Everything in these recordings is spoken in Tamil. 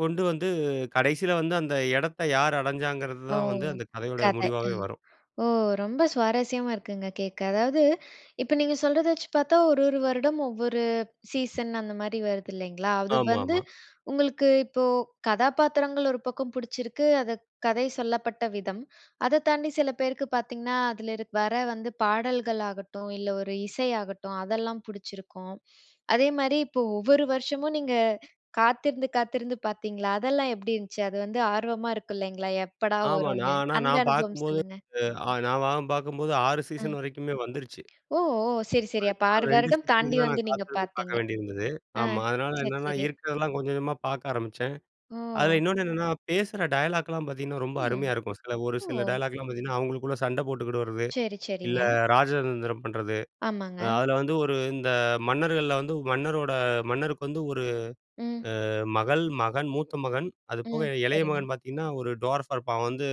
கொண்டு வந்து கடைசியில வந்து அந்த இடத்த யார் அடைஞ்சாங்கிறது ஓ! தான் வந்து அந்த கதையோட கதை. அ. முடிவாவே வரும். ஓ! ரொம்ப சுவாரஸ்யமா இருக்குங்க, கேட்க. அதாவது இப்போ நீங்க சொல்றத வச்சு பாத்தா ஒரு, ஒரு வருடம் ஒவ்வொரு சீசன் அந்த மாரி வருது இல்லைங்களா? அது ஆமா, வந்து ஆமா. உங்களுக்கு இப்போ கதாபாத்திரங்கள் ஒரு பக்கம் பிடிச்சிருக்கு அது கதை சொல்லப்பட்ட விதம். அதை தாண்டி சில பேருக்கு பாத்தீங்கன்னா, அதில இரு வர வந்து பாடல்கள் ஆகட்டும் இல்ல, ஒரு இசை ஆகட்டும் அதெல்லாம் பிடிச்சிருக்கும். அதே மாரி இப்போ ஒவ்வொரு வருஷமும் நீங்க காத்திருந்து, காத்திருந்து பாத்தீங்களா? அதெல்லாம் எப்படி இருந்துச்சு? அது வந்து ஆர்வமா இருக்கு இல்லைங்களா? எப்படா ஆமா. வரும்னு நான் ஆனா அந்த நான் அனுபவம் பாக்கும்போது சொல்லுங்க? அ நான் வ பாக்கும்போது 6 அ. சீசன் வரைக்குமே வந்துருச்சு. ஓ! ஓ! சரி, சரி அப்போ அதுக்குமேல 6 2 வருடம் சீசனுக்கு தாண்டி தான், வந்து நான் நீங்க காத்திருந்து பாக்க பாத்தீங்க. வேண்டியிருந்தது. ஆ ஆமா, அதனால சரி, என்னா சரி. இருக்கிறதெல்லாம் கொஞ்சம் கொஞ்சமாக பாக்க ஆரமிச்சேன். அதில ஓ! இன்னொன்னு என்னன்னா பேசுற டயலாக்லாம் பாத்தீங்கன்னா, ரொம்ப ம். அருமையா இருக்கும். சில ஒரு சில ஓ! டயலாக்லாம் பாத்தீங்கன்னா, அவுங்களுக்குள்ள சண்டை போட்டுக்கிடுறது சரி, இல்ல, சரிங்க. ராஜதந்திரம் பண்றது. அ ஆமாங்க. அதில வந்து ஒரு இந்த மன்னர்கள்ல வந்து மன்னரோட மன்னருக்கு வந்து 1 ம். அ மகள், மகன், மூத்த மகன் அதுபோக ம். இளைய சரிங்க. மகன் பாத்தீங்கன்னா ஒரு ட்வார்ஃபா இருப்பான். அவன் வந்து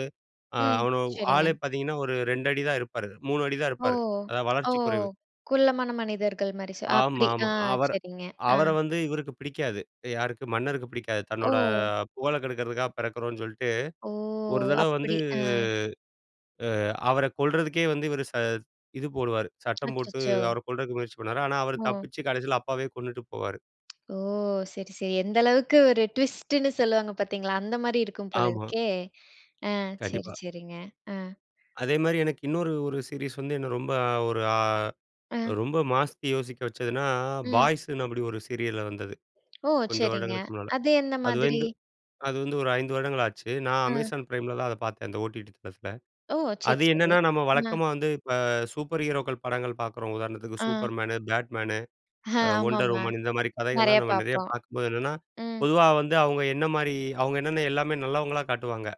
ம். அவன சரிங்க. ஆளே பாத்தீங்கன்னா ஒரு 2 அடிதான் இருப்பாரு. 3 அடிதான் ஓ! இருப்பாரு. அதாவது ஓ! வளர்ச்சி குறைவு. குள்ளமான மனிதர்கள் மாரி ச ஆமா, அப்படி. ஆமா. ஆ, அவர் சரிங்க, ஆ. அவர வந்து இவருக்கு பிடிக்காது. யாருக்கு மன்னருக்கு பிடிக்காது. தன்னோட ஓ! புகழ கெடுக்கிறதுக்காக பிறக்கிறோன்னு சொல்லிட்டு ஓ! ஒரு தடவை வந்து, அப்படி, ஆ. அ அவர கொல்றதுக்கே வந்து இவரு ச இது போடுவாரு. சட்டம் போட்டு அச்சச்சோ! அவரை கொல்றதுக்கு முயற்சி பண்ணுவாரு. ஆனா, அவரு ஓ. தப்பிச்சு கடைசியில அப்பாவே கொன்னுட்டு போவாரு. ஓ! சரி, சரி. எந்த அளவுக்கு ஒரு ட்விஸ்ட்டுன்னு சொல்லுவாங்க பாத்தீங்களா, அந்த மாரி இருக்கும் போல ஆமா. இருக்கே. ஆ சரி, கண்டிப்பா. சரிங்க. ஆ. அதேமாரி எனக்கு இன்னொரு ஒரு சீரிஸ் வந்து என்னை ரொம்ப ஒரு, அ ஆ. ரொம்ப மாத்தி யோசிக்க வச்சதுனா, ம். பாய்ஸுன்னு அப்படி ஒரு சீரியல்ல வந்தது. ஓ! கொஞ்ச சரிங்க. வருடங்களுக்கு முன்னால. அது எந்த அது மாதிரி? வந்து அது வந்து ஒரு 5 வருடங்கள் ஆச்சு. நான் ஆ. அமேசான் பிரைம்லலாம் அதை பாத்தேன். அந்த ஓடிடி தளத்துல. ஓ! சரி, அது சரி. என்னன்னா நம்ம அ. வழக்கமா வந்து இப்போ சூப்பர் ஹீரோக்கள் படங்கள் பாக்கிறோம். உதாரணத்துக்கு ஆ. சூப்பர் மேனு, பேட்மேன் ஆ, வொண்டர் ஆமாமா. உமன் இந்த மாரி நெறைய கதைகள்லாம் நம்ம நெறையா பாப்போம். பாக்கும்போது என்னன்னா ம். பொதுவா வந்து அவுங்க என்ன மாரி அவுங்க என்னென்ன எல்லாமே நல்லவங்களா காட்டுவாங்க.